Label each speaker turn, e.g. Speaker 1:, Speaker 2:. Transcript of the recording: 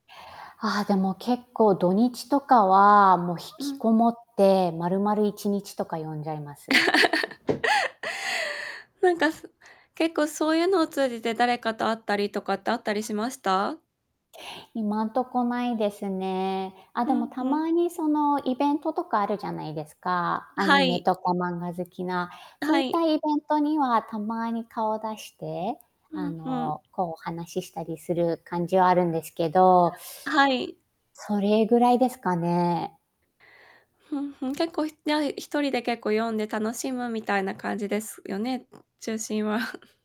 Speaker 1: ああ、でも結構土日とかはもう引
Speaker 2: う
Speaker 1: き
Speaker 2: ん。
Speaker 1: こもって、まるまる1日とか読んじゃいます。
Speaker 2: なんか、そ結構そういうのを通じて誰かと会ったりとかってあったりしました？
Speaker 1: 今んとこないですね。あ、
Speaker 2: う
Speaker 1: でも、
Speaker 2: ん
Speaker 1: た
Speaker 2: うん。
Speaker 1: まにそのイベントとかあるじゃないですか？
Speaker 2: あ
Speaker 1: ア
Speaker 2: は
Speaker 1: ニメ
Speaker 2: い。
Speaker 1: とか漫画好きな。
Speaker 2: あ
Speaker 1: そうい
Speaker 2: は
Speaker 1: っ
Speaker 2: い。
Speaker 1: たイベントにはたまに顔出して、
Speaker 2: う
Speaker 1: あ
Speaker 2: んうん。
Speaker 1: の、こう、お話ししたりする感じはあるんですけど。
Speaker 2: はい。
Speaker 1: それぐらいですかね。
Speaker 2: ふんふん、結構ひじゃあ1人で結構読んで楽しむみたいな感じですよね、中心は。